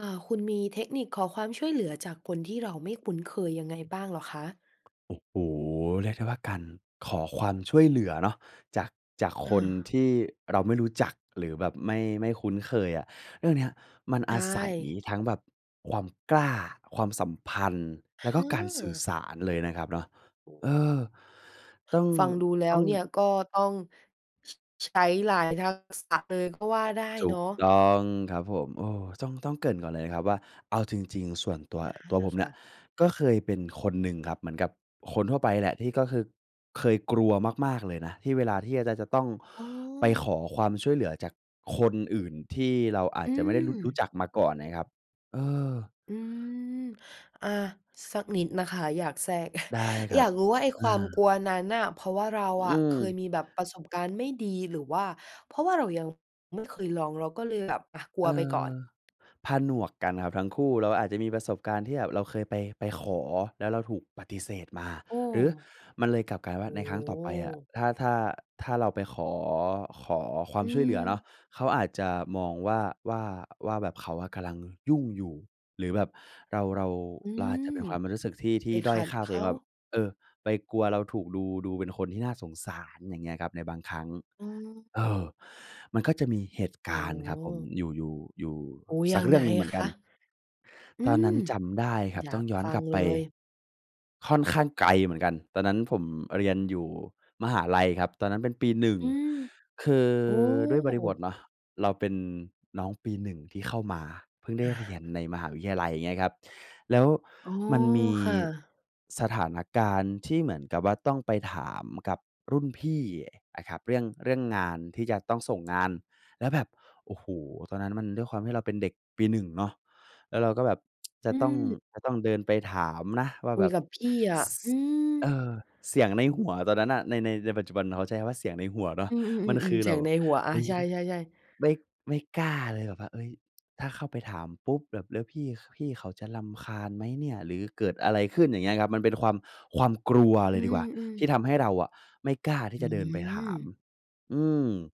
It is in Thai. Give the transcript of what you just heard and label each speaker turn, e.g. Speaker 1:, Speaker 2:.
Speaker 1: อา คุณมีเทคนิคขอความช่วยเหลือจากคนที่เราไม่คุ้นเคยยังไงบ้างเหรอคะ?
Speaker 2: โอ้โฮ เรียกได้ว่าการขอความช่วยเหลือเลยเนาะจาก-จากค
Speaker 1: อ
Speaker 2: น
Speaker 1: า
Speaker 2: ที่เราไม่รู้จัก หรือแบบไม่ ไม่คุ้นเคยอะ เรื่องเนี้ยมัน
Speaker 1: ใช
Speaker 2: อาศัย
Speaker 1: ่
Speaker 2: ทั้งแบบความกล้า ความสัมพันธ์ แล้วก็การสื่อ
Speaker 1: เออ
Speaker 2: สารเลยนะครับเนาะ
Speaker 1: โอ้โ
Speaker 2: เอ
Speaker 1: ฮ
Speaker 2: อ ต้อง
Speaker 1: ฟังดูแล้
Speaker 2: ต้
Speaker 1: ว
Speaker 2: อง
Speaker 1: เนี่ย ก็ต้อง ช ใช้หลายทักษะเลยก็ว่าได้
Speaker 2: ถู
Speaker 1: เนา
Speaker 2: ก
Speaker 1: ะ
Speaker 2: ต้องครับผม เออ ต้อง ต้องเกริ่นก่อนเลยนะครับว่า เอาจริง ๆ ส่วนตัว
Speaker 1: อา
Speaker 2: ตัวผมเ
Speaker 1: ค
Speaker 2: นี่
Speaker 1: ่
Speaker 2: ย
Speaker 1: ะ
Speaker 2: ก็เคยเป็นคนหนึ่งครับ เหมือนกับคนทั่วไปแหละ ที่ก็คือเคยกลัวมาก ๆ เลยนะที่เวลาที่จะ จะ จะต้อง
Speaker 1: อ๋
Speaker 2: ไปข
Speaker 1: อ
Speaker 2: อความช่วยเหลือจากคนอื่นที่เราอา
Speaker 1: อื
Speaker 2: จจะไม่ได้ ร รู้
Speaker 1: ม
Speaker 2: จักมาก่อนนะครับ เออ
Speaker 1: อืม อา สักนิดนะคะ อยากแทรก
Speaker 2: ได้คร
Speaker 1: อ
Speaker 2: ั
Speaker 1: ยา
Speaker 2: บ
Speaker 1: กรู้ว่าไอ้
Speaker 2: อ
Speaker 1: ควา
Speaker 2: า
Speaker 1: มกลัวนั้นน่ะ เพราะว่าเรา
Speaker 2: อ
Speaker 1: อ
Speaker 2: ื
Speaker 1: ะเคย
Speaker 2: ม
Speaker 1: มีแบบประสบการณ์ไม่ดี หรือว่าเพราะว่าเรายังไม่เคยลอง เราก็เลยแบบ อา กลั
Speaker 2: เอ
Speaker 1: วไปก่อ
Speaker 2: อ
Speaker 1: น?
Speaker 2: ผนวกกันครับทั้งคู่ เราอาจจะมีประสบการณ์ที่แบบเราเคยไป ไปขอ แล้วเราถูกปฏิเสธมา
Speaker 1: โอ้
Speaker 2: หรือมันเลยกลับกกลายเป็นว่
Speaker 1: โอ
Speaker 2: า
Speaker 1: ้
Speaker 2: ในค
Speaker 1: โ
Speaker 2: รั้งต่อไปอะ
Speaker 1: ฮ
Speaker 2: ถ้า ถ้า ถ้าเราไปขอ ขอควา
Speaker 1: อื
Speaker 2: มช่วยเหลือเนาะ
Speaker 1: ม
Speaker 2: เขาอาจจะมองว่า ว่า ว่าแบบเขาอะกำลังยุ่งอยู่ หรือแบบเรา เรา
Speaker 1: อื
Speaker 2: เราอาจจ
Speaker 1: ม
Speaker 2: ะเป็นความรู้สึกที่ ท
Speaker 1: ไป
Speaker 2: ี่ด
Speaker 1: ข
Speaker 2: ้อย
Speaker 1: ัด
Speaker 2: ค่า
Speaker 1: เข
Speaker 2: ตัวเอง
Speaker 1: า
Speaker 2: ว่าแบบ เออ ไปกลัวเราถูกดู ดูเป็นคนที่น่าสงสาร อย่างเงี้ยครับ ในบางครั้ง
Speaker 1: อืม
Speaker 2: เออ มันก็จะมีเหตุ
Speaker 1: โอ
Speaker 2: ก
Speaker 1: ้
Speaker 2: า
Speaker 1: โ
Speaker 2: รณ์ครับผม
Speaker 1: ฮ
Speaker 2: อยู่ อยู่ อยู่
Speaker 1: โอ้
Speaker 2: ส
Speaker 1: ยั
Speaker 2: ัก
Speaker 1: ง
Speaker 2: เรื
Speaker 1: ไ
Speaker 2: ่
Speaker 1: ง
Speaker 2: องหนึ่งเห
Speaker 1: อ
Speaker 2: มื
Speaker 1: ะ
Speaker 2: อนก
Speaker 1: ค
Speaker 2: ัน
Speaker 1: ะ? อื
Speaker 2: ตอนน
Speaker 1: ม
Speaker 2: ั้นจำได้ครั
Speaker 1: อ
Speaker 2: บ
Speaker 1: ยา
Speaker 2: ต้อ
Speaker 1: ก
Speaker 2: งย้อ
Speaker 1: ฟ
Speaker 2: น
Speaker 1: ั
Speaker 2: ก
Speaker 1: ง
Speaker 2: ลับ
Speaker 1: เ
Speaker 2: ไ
Speaker 1: ล
Speaker 2: ป
Speaker 1: ย
Speaker 2: ค่อนข้างไกลเหมือนกัน ตอนนั้นผมเรียนอยู่มหาลัยครับ ตอนนั้นเป็นปี 1
Speaker 1: อืม
Speaker 2: คือ
Speaker 1: โอ้
Speaker 2: ด้วยบริบทเนาะ เราเป็นน้องปี 1 ที่เข้ามา เพิ่งได
Speaker 1: อ
Speaker 2: ้
Speaker 1: า
Speaker 2: เรียนในมหาวิทยาลัย อย่างเงี้ยครับ แล้ว
Speaker 1: อ๋อ
Speaker 2: มันมี
Speaker 1: ค่ะ
Speaker 2: สถานการณ์ที่เหมือนกับว่าต้องไปถามกับรุ่นพี่นะครับ เรื่อง เรื่องงานที่จะต้องส่งงาน แล้วแบบ โอ้โฮ ตอนนั้นมันด้วยความที่เราเป็นเด็กปี 1 เนาะ แล้วเราก็แบบ จ
Speaker 1: อ
Speaker 2: ะ
Speaker 1: ื
Speaker 2: ต้อง
Speaker 1: ม
Speaker 2: จะต้องเดินไปถามนะว่า
Speaker 1: ค
Speaker 2: แ
Speaker 1: ุ
Speaker 2: บ
Speaker 1: ย
Speaker 2: บ
Speaker 1: กับพี่อะ
Speaker 2: ส
Speaker 1: อืม
Speaker 2: เออ เสียงในหัวตอนนั้นน่ะ ใน ใน ในปัจจุบัน เขาใช้เสียงในหัวเนา
Speaker 1: อ
Speaker 2: ะ
Speaker 1: ื
Speaker 2: มันค
Speaker 1: ม
Speaker 2: ื
Speaker 1: ๆ ๆ
Speaker 2: อ
Speaker 1: ๆ เส
Speaker 2: เ
Speaker 1: ี
Speaker 2: รา
Speaker 1: ยง
Speaker 2: แบ
Speaker 1: ใน
Speaker 2: บ
Speaker 1: หัว อา
Speaker 2: อุ๊ย
Speaker 1: ใช่ ๆ ๆ
Speaker 2: ไม่ ไม่กล้าเลย แบบว่า เอ๊ย "ถ้าเข้าไปถามปุ๊บ บ แล้วพี่ ข พี่เขาจะรำคาญไหมเนี่ย? หรือเกิดอะไรขึ้น?" อย่างเงี้ยครับ มันเป็นความ ความกลัวเ
Speaker 1: อ
Speaker 2: ล
Speaker 1: ื
Speaker 2: ยดีกว่า
Speaker 1: ม
Speaker 2: ที
Speaker 1: ๆ
Speaker 2: ่ทำให้เราอะไม่กล้าที่
Speaker 1: อื
Speaker 2: จะเดินไปถาม
Speaker 1: ม
Speaker 2: อืม